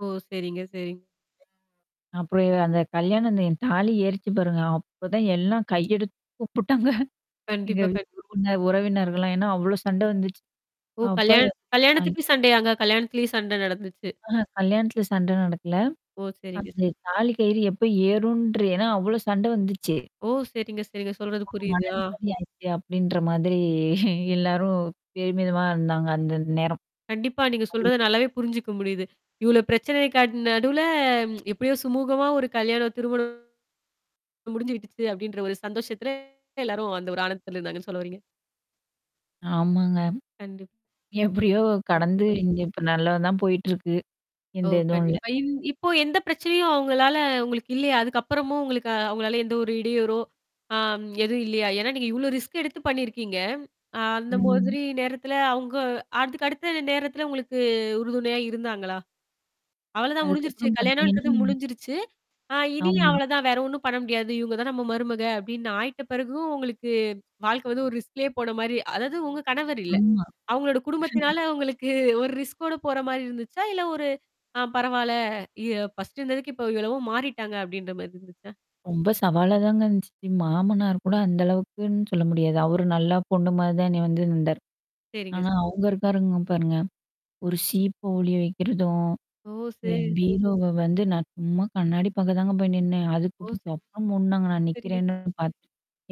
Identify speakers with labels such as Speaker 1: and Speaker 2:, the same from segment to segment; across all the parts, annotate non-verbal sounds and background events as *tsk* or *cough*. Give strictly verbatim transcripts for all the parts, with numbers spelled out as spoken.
Speaker 1: ஓ! சரிங்க, சரிங்.
Speaker 2: அப்புறம் அந்தக் கல்யாணம் அந்த என் தாலி ஏறிச்சு பாருங்க. அப்பதான் எல்லாம் கையெடுத்து கூப்பிட்டாங்க. எங்க
Speaker 1: கண்டிப்பா, கண்டிப்
Speaker 2: *unintelligible* உறவினர்கள் எல்லாம். ஏன்னா, அவ்வளவு சண்டை வந்துச்சு.
Speaker 1: ஓ,
Speaker 2: அப்ப
Speaker 1: கல்யாணம்
Speaker 2: *unintelligible*
Speaker 1: கல்யாணத்துக்குச் சண்டையாங்க. கல்யாணத்துலயும் சண்டை நடந்துச்சு.
Speaker 2: அஹ கல்யாணத்துல சண்டை நடக்கல.
Speaker 1: ஓ, சரிங்க.
Speaker 2: அந்தத் தாலி கயிறு எப்ப ஏறும்ன்ற ஏன்னா, அவ்ளோ சண்டை வந்துச்சு.
Speaker 1: ஓ, சரிங்க, சரிங்க சொல்றது
Speaker 2: ஒரு
Speaker 1: புரியுது. ஆ.
Speaker 2: மனநிம்மதி ஆயிருச்சு அப்படின்ற மாதிரி எல்லாரும் பெருமிதமா இருந்தாங்க. அந்த நேரம்.
Speaker 1: கண்டிப்பா. நீங்கச் சொல்றதை நல்லாவே புரிஞ்சுக்க முடியுது. இவ்வளவு பிரச்சனைகளுக்கு நடுவுல *tsk* எப்படியோ சுமூகமா ஒரு கல்யாணம் திருமணம் முடிஞ்சுடுச்சு அப்டின்ற ஒரு சந்தோஷத்துல எல்லாரும் அந்த ஒரு ஆனந்தத்துல இருந்தாங்கன்னு சொல்ல வர்றீங்க.
Speaker 2: ஆமாங்க.
Speaker 1: கண்டிப்பா,
Speaker 2: எப்படியோ கடந்து
Speaker 1: கண்டிப்பா.
Speaker 2: இப்ப நல்லா தான் போயிட்டு இருக்கு.
Speaker 1: ஓ,
Speaker 2: எந்தத இதும் இல்ல.
Speaker 1: கண்டிப்பா. இந் இப்போ எந்தப் பிரச்சனையும் அவங்களால உங்களுக்கு இல்லையா? அதுக்கப்புறமும் உங்களுக்கு அவங்களால எந்த ஒரு இடையூறோ ஆம் எதுவும் இல்லையா? ஏன்னா நீங்க இவ்வளவு ரிஸ்க் எடுத்துப் பண்ணி இருக்கீங்க. அந்த
Speaker 2: ம்.
Speaker 1: மாதிரி நேரத்துல அவங்க அடுத்த அடுத்த நேரத்துல உங்களுக்கு உறுதுணையா இருந்தாங்களா? அவ்வளவுதான். முடிஞ்சிருச்சு.
Speaker 2: அதுக்கப்புறம்
Speaker 1: கல்யாணம்ன்றது
Speaker 2: பார்த்தீங்கனா
Speaker 1: முடிஞ்சுருச்சு. ஆ இனி
Speaker 2: ஆமா.
Speaker 1: அவ்வளவுதான். வேற ஒண்ணும் பண்ண முடியாது. இவங்க தான் நம்ம மருமக அப்படின்னு ஆயிட்ட பிறகும், உங்களுக்கு வாழ்க்கை வந்து ஒரு ரிஸ்க்லேயே போன மாரி அதாவது உங்க கணவர் இல்ல
Speaker 2: ஆமா.
Speaker 1: அவங்களோட
Speaker 2: *chuckles*
Speaker 1: குடும்பத்துனால உங்களுக்கு ஒரு ரிஸ்க்கோட போற மாரி இருந்துச்சா? இல்ல ஒரு ஆ பரவால்ல! இ ஃபர்ஸ்ட் இருந்ததுக்கு, இப்போ எவ்வளவோ மாறிட்டாங்க அப்படின்ற மாரி இருந்துச்சா?
Speaker 2: ரொம்ப சவாலா தாங்க இருந்துச்சு. மாமனார் கூட அந்த அளவுக்குன்னு சொல்ல முடியாது. அவரு நல்லா பொண்ணு மாதிரி தான் வந்து என்னிய வந்து இருந்தார்.
Speaker 1: சரிங்க.
Speaker 2: ஆனா அவங்க இருக்காங்க பாருங்க. ஒரு சீப்பு ஒளிய வெக்குறதும்,
Speaker 1: ஓ.
Speaker 2: என்
Speaker 1: சே
Speaker 2: பியுரோவ வந்து நான் சும்மா கண்ணாடி பாக்க தான்ங்க போயி நின்னேன். அதுக்கு
Speaker 1: ஓ.
Speaker 2: அப்புறம் மூடுனாங்க நான்
Speaker 1: சரிங்க.
Speaker 2: நிக்கறேன்னு பார்த்து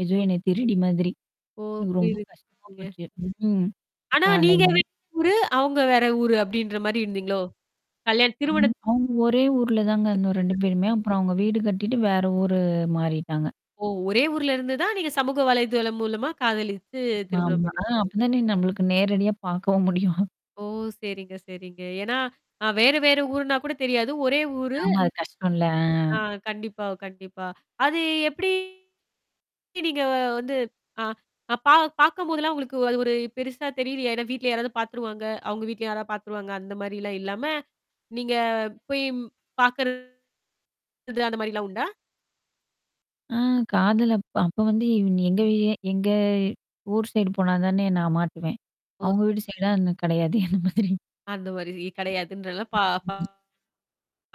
Speaker 2: ஏதோ
Speaker 1: ஓ.
Speaker 2: என்னையத் திருடி மாதிரி.
Speaker 1: ஓ.
Speaker 2: எனக்கு ரொம்ப கஷ்டமா
Speaker 1: புரியுதுங்க.
Speaker 2: போச்சு. ம்க்கும். அப்ப
Speaker 1: ஆனா நீங்க
Speaker 2: *unintelligible*
Speaker 1: வேற ஊரு. அவங்க வேற ஊரு அப்படின்ற மாரி இருந்தீங்களோ! கல்யாணம் திருமணதுக்கு.
Speaker 2: அவங்க ஒரே ஊர்ல தான் இருந்தோம் ரெண்டு பேருமே. அப்புறம் அவங்க வீடு கட்டிட்டு வேற ஊரு மாறிட்டாங்க.
Speaker 1: ஓ! ஒரே ஊர்ல இருந்து தான் நீங்கச் சமூக வலைத்தளம் மூலமா காதலித்து திருமணம்
Speaker 2: ஆமா.
Speaker 1: பண்ணி இருக்கீங்க.
Speaker 2: அப்பத் தான் நம்மளுக்கு நேரடியா பார்க்கவும் முடியும்.
Speaker 1: ஓ சரிங்க, சரிங்க. ஏன்னா வேற, வேற ஊருன்னா கூடத் தெரியாது. ஒரே ஊரு.
Speaker 2: ஆமா. அது கஷ்டம்ல.
Speaker 1: ஆ
Speaker 2: ஆ.
Speaker 1: கண்டிப்பா, கண்டிப்பா. அது எப்படி நீங்க வந்து ஆ பா பாக்கம் போது எல்லாம் உங்களுக்கு அது ஒரு பெருசா தெரிலயா? ஏன்னா வீட்டுல யாராவது பாத்துருவாங்க. அவங்க வீட்டுல யாராவது பாத்துருவாங்க. அந்த மாதிரிலாம் இல்லாம, நீங்கப் போய்ப்பாக்குறது அந்த மாரி எல்லாம் உண்டா?
Speaker 2: ஆ. காதல் அப்ப அப்ப வந்து எங்க எங்க ஊர் சைடு போனாதானே நான் மாட்டுவேன்.
Speaker 1: ஓ.
Speaker 2: அவங்க
Speaker 1: சரி.
Speaker 2: வீடு சைடு கிடையாதே அன்ன மாதிரி என்ன
Speaker 1: அந்த ஒரு மாதிரி கிடையாதுன்றதுனால, பா
Speaker 2: ம்.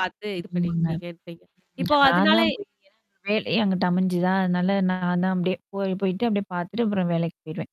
Speaker 1: பாத்து இது பண்ணி
Speaker 2: ஆமாங்க.
Speaker 1: இருக்கீங்கன்றீங்க. இப்ப
Speaker 2: நான் தான்
Speaker 1: அதனால
Speaker 2: போய் என வேலையும் அங்குட்டு அமைஞ்சத. அதனால நான் தான் அப்படியே போயி போயிட்டு அப்படியே பாத்துட்டு அப்புறம் வேலைக்குப் போய்ருவேன்.